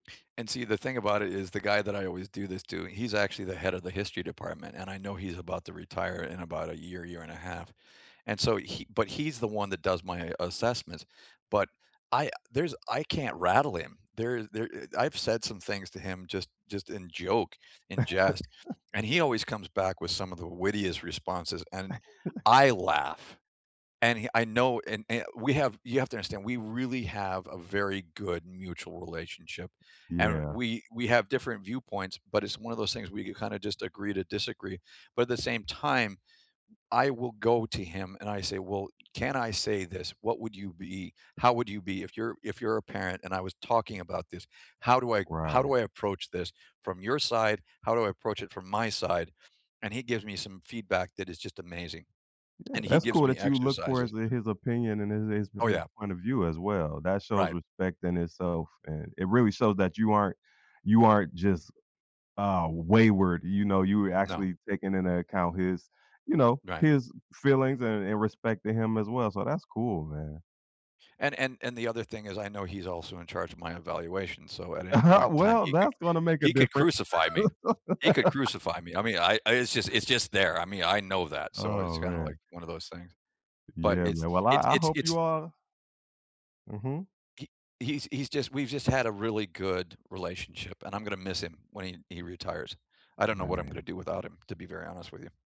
And see, the thing about it is the guy that I always do this to, he's actually the head of the history department, and I know he's about to retire in about a year, year and a half, and so he but he's the one that does my assessments, but I there's I can't rattle him. There there I I've said some things to him just just in joke, in jest, and he always comes back with some of the wittiest responses, and I laugh, and he I know and and we have you have to understand, we really have a very good mutual relationship, and Yeah. we we have different viewpoints, but it's one of those things we kinda just agree to disagree, but at the same time, I will go to him and I say, "Well, can I say this, what would you be? How would you be, if you're if you're a parent and I was talking about this, how do I how do Right. I approach this from your side? How do I approach it from my side?" And he gives me some feedback that is just amazing. Yeah, And he that's gives cool me that you look for his exercises. his opinion and his his Oh his yeah. point of view as well. That shows Right. respect in itself, and it really shows that you aren't you aren't just, um, wayward, you know, you were No. actually taking into account his, you know, Right. his feelings and and respecting him as well, so that's cool, man. And and and the other thing is I know he's also in charge of my evaluation, so at any point in time, Well, he could that's gonna make a he could difference. crucify me. He could crucify me, I mean, I I it's just it's just there, I mean, I know that, so Oh, it's kinda like man. one of those things, but Yeah, it's man. Well, I it's I it's hope you it's all Mhm. He he's he's just we've just had a really good relationship, and I'm gonna miss him when he he retires. I don't know what I'm gonna Man. do without him, to be very honest with you.